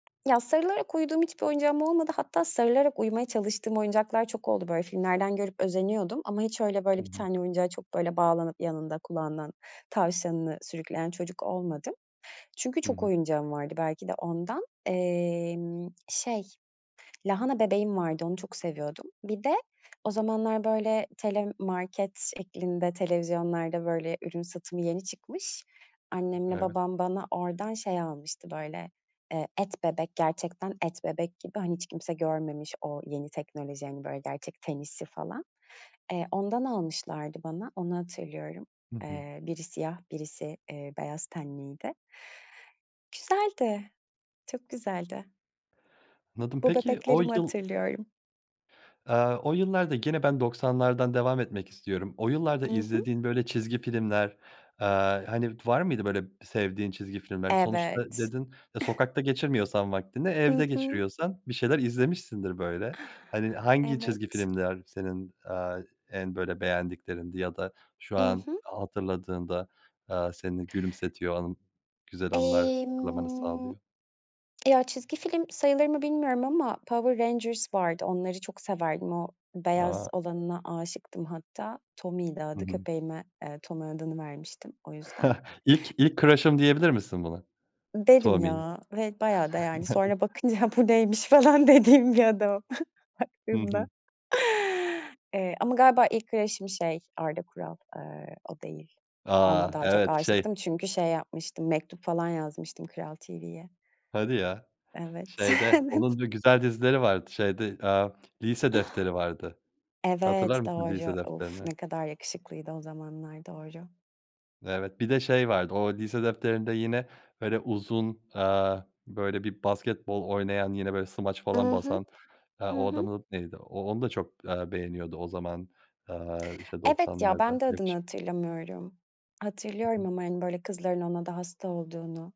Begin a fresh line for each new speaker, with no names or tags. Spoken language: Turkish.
Ya sarılarak uyuduğum hiçbir oyuncağım olmadı. Hatta sarılarak uyumaya çalıştığım oyuncaklar çok oldu. Böyle, filmlerden görüp özeniyordum ama hiç öyle
Hı
böyle bir
hı.
tane oyuncağa çok böyle bağlanıp yanında kulağından tavşanını sürükleyen çocuk olmadım. Çünkü
Hı
çok
hı.
oyuncağım vardı belki de ondan. Emm, şey, lahana bebeğim vardı, onu çok seviyordum. Bir de, o zamanlar böyle telemarket şeklinde televizyonlarda böyle ürün satımı yeni çıkmış, annemle
Evet.
babam bana oradan şey almıştı böyle, eee, et bebek gerçekten et bebek gibi hani hiç kimse görmemiş o yeni teknoloji hani, böyle gerçek ten hissi falan. Eee, ondan almışlardı bana, onu hatırlıyorum.
Hı hı.
Eee, biri siyah birisi, eee, beyaz tenliydi. Güzeldi, çok güzeldi.
Anladım,
Bu
peki o
bebeklerimi
yıl
hatırlıyorum.
Eee, o yıllarda gene ben doksanlardan devam etmek istiyorum. O yıllarda
Hı hı.
izlediğin böyle çizgi filmler, eee, hani, d var mıydı böyle sevdiğin çizgi filmler? Sonuçta
Evet.
dedin, e, sokakta geçirmiyorsan vaktini
Hı
evde
hı.
geçiriyorsan bir şeyler izlemişsindir böyle. Hani, hangi çizgi
Evet.
filmler senin, eee, en böyle beğendiklerindi ya da şu
Hı
an
hı.
hatırladığında, eee, seni gülümsetiyor o an güzel anılar hatırlamanı
Emm,
sağlıyor?
ya, çizgi film sayılır mı bilmiyorum ama Power Rangers vardı, onları çok severdim. O beyaz
A!
olanına aşıktım hatta Tommy'ydi
Hı
adı
hı.
köpeğime, eee, Tommy adını vermiştim o yüzden.
İlk ilk crush'ım diyebilir misin buna,
Derim
Tommy'e?
ya ve bayağı da yani sonra bakınca bu neymiş falan dediğim bir adam
Hı
baktığımda,
hı.
eee, ama galiba ilk crush'ım şey Arda Kural, eee, o değil. Ona
A,
daha çok
evet şey
aşıktım çünkü şey yapmıştım mektup falan yazmıştım Kral TV'ye.
Hadi ya.
Evet.
Şeyde
Evet.
onun dü güzel dizileri vardı şeyde, eee, Lise Defteri vardı hatırlar
Evet
mısın Lise
doğru, uf
Defteri'ni?
ne kadar yakışıklıydı o zamanlar doğru.
Evet bir de şey vardı o Lise Defteri'nde yine böyle uzun, eee, böyle bir basketbol oynayan yine böyle smaç falan
Hı hı,
basan, eee,
hı
o
hı.
adamın neydi o onu da çok, eee, beğeniyordu o zaman, eee, işte
Evet ya,
doksanlarda
ben de adını
yakışık
hatırlamıyorum,
Hı
hatırlıyorum
hı.
ama hani böyle kızların ona da hasta olduğunu.